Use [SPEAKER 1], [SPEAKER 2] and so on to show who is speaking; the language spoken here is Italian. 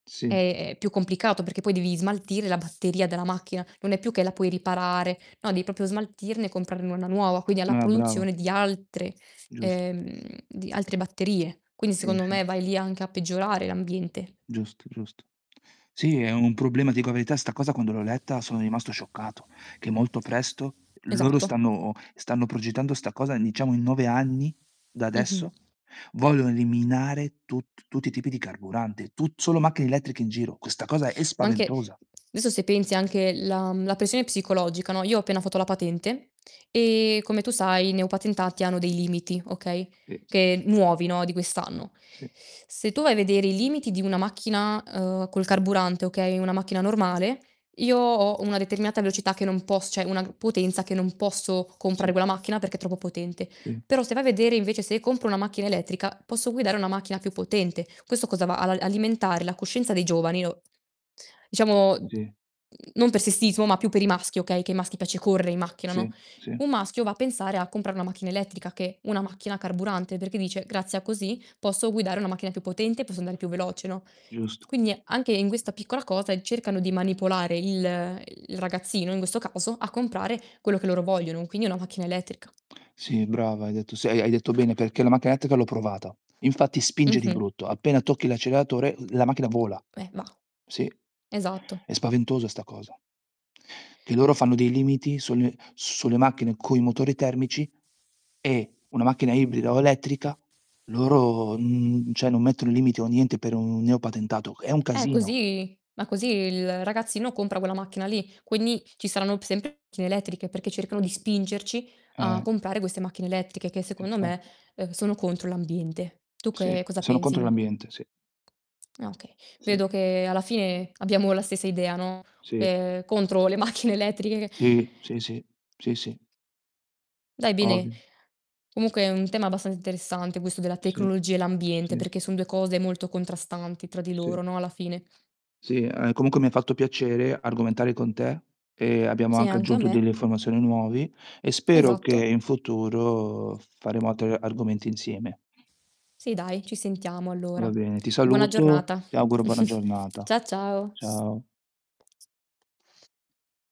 [SPEAKER 1] Sì.
[SPEAKER 2] È ehm, più complicato, perché poi devi smaltire la batteria della macchina. Non è più che la puoi riparare, no devi proprio smaltirne e comprarne una nuova, quindi ha la
[SPEAKER 1] Ah, brava.
[SPEAKER 2] produzione di altre
[SPEAKER 1] Gius
[SPEAKER 2] ehm, di altre batterie. Quindi
[SPEAKER 1] Sì,
[SPEAKER 2] secondo
[SPEAKER 1] sì.
[SPEAKER 2] me, vai lì anche a peggiorare l'ambiente.
[SPEAKER 1] Giusto, giusto. Sì, è un problema. Ti dico la verità, 'sta cosa quando l'ho letta sono rimasto scioccato: che molto presto loro
[SPEAKER 2] Esatto.
[SPEAKER 1] stanno stanno progettando 'sta cosa, diciamo, in 9 anni da
[SPEAKER 2] Mh-mh.
[SPEAKER 1] adesso, vogliono eliminare tutt tutti i tipi di carburante. Tu solo macchine elettriche in giro, questa cosa è
[SPEAKER 2] Ma anche
[SPEAKER 1] spaventosa.
[SPEAKER 2] adesso, se pensi, anche la mhmm, la pressione psicologica, no, io ho appena fatto la patente e, come tu sai, i neopatentati hanno dei limiti, okay,
[SPEAKER 1] Sì.
[SPEAKER 2] che nuovi, no, di quest'anno.
[SPEAKER 1] Sì.
[SPEAKER 2] Se tu vai a vedere i limiti di una macchina, uhm, col carburante, okay, una macchina normale, io ho una determinata velocità che non poss cioè, una potenza che non posso comprare
[SPEAKER 1] Sì.
[SPEAKER 2] quella macchina perché è troppo potente.
[SPEAKER 1] Sì.
[SPEAKER 2] Però, se vai a vedere invece, se compro una macchina elettrica, posso guidare una macchina più potente. Questo cosa va, a la alimentare la coscienza dei giovani o diciamo,
[SPEAKER 1] Sì.
[SPEAKER 2] non per sessismo, ma più per i maschi, okay, che ai maschi piace corre i macchina, no?
[SPEAKER 1] Sì,
[SPEAKER 2] Un
[SPEAKER 1] sì.
[SPEAKER 2] maschio va a pensare a comprare una macchina elettrica che una macchina carburante, perché dice: "Grazia così, posso guidare una macchina più potente e posso andare più veloce," no?
[SPEAKER 1] Giusto.
[SPEAKER 2] Quindi, è anche in questa piccola cosa, cercano di manipolare il il ragazzino, in questo caso, a comprare quello che loro vogliono: quindi una macchina elettrica.
[SPEAKER 1] Sì, brava hai detto se hai hai bene, perché la macchina elettrica l'ho provata. Infatti spinge di
[SPEAKER 2] Mh-mh.
[SPEAKER 1] brutto, appena tocchi l'acceleratore la macchina vola.
[SPEAKER 2] Eh, va.
[SPEAKER 1] Sì,
[SPEAKER 2] Esatto.
[SPEAKER 1] è spaventosa sta cosa. Che loro fanno dei limiti sunne sulle macchine coi motori termici, e una macchina ibrida o elettrica loro n cioè, non mettono limiti o niente per un neopatentato, è un
[SPEAKER 2] Eh,
[SPEAKER 1] casino.
[SPEAKER 2] così. Ma così il ragazzino compra quella macchina lì. Quindi, ci saranno p sempre più macchine elettriche, perché cercano di spingerci a
[SPEAKER 1] Eh.
[SPEAKER 2] comprare queste macchine elettriche che, secondo me,
[SPEAKER 1] Infatti.
[SPEAKER 2] uhm, sono contro l'ambiente. Tu
[SPEAKER 1] Sì.
[SPEAKER 2] che cosa
[SPEAKER 1] Sono
[SPEAKER 2] pensi?
[SPEAKER 1] contro l'ambiente, sì.
[SPEAKER 2] No, okay,
[SPEAKER 1] Sì.
[SPEAKER 2] vedo che alla fine abbiamo la stessa idea, no,
[SPEAKER 1] Sì.
[SPEAKER 2] ehm, contro le macchine elettriche.
[SPEAKER 1] Sì. Sì, sì. Sì, sì.
[SPEAKER 2] Dai bene,
[SPEAKER 1] Ovvio
[SPEAKER 2] comunque è un tema abbastanza interessante questo della
[SPEAKER 1] Sì.
[SPEAKER 2] tecnologia e l'ambiente,
[SPEAKER 1] Sì.
[SPEAKER 2] perché son 2 cose molto contrastanti tra di
[SPEAKER 1] Sì.
[SPEAKER 2] loro, no, alla fine.
[SPEAKER 1] Sì. Ah, comunque mi fatto piacere argomentare con te. Ehm, abbiamo
[SPEAKER 2] Sì, e
[SPEAKER 1] anche
[SPEAKER 2] anche a
[SPEAKER 1] aggiunto
[SPEAKER 2] me.
[SPEAKER 1] delle informazioni nuovi, e spero che
[SPEAKER 2] Esatto.
[SPEAKER 1] in futuro faremo altre argomenti insieme.
[SPEAKER 2] Sì dai, ci sentiamo
[SPEAKER 1] Va
[SPEAKER 2] allora.
[SPEAKER 1] bene, ti
[SPEAKER 2] Buona
[SPEAKER 1] saluto,
[SPEAKER 2] giornata.
[SPEAKER 1] ti auguro buona giornata.
[SPEAKER 2] Cia ciao.
[SPEAKER 1] Ciao.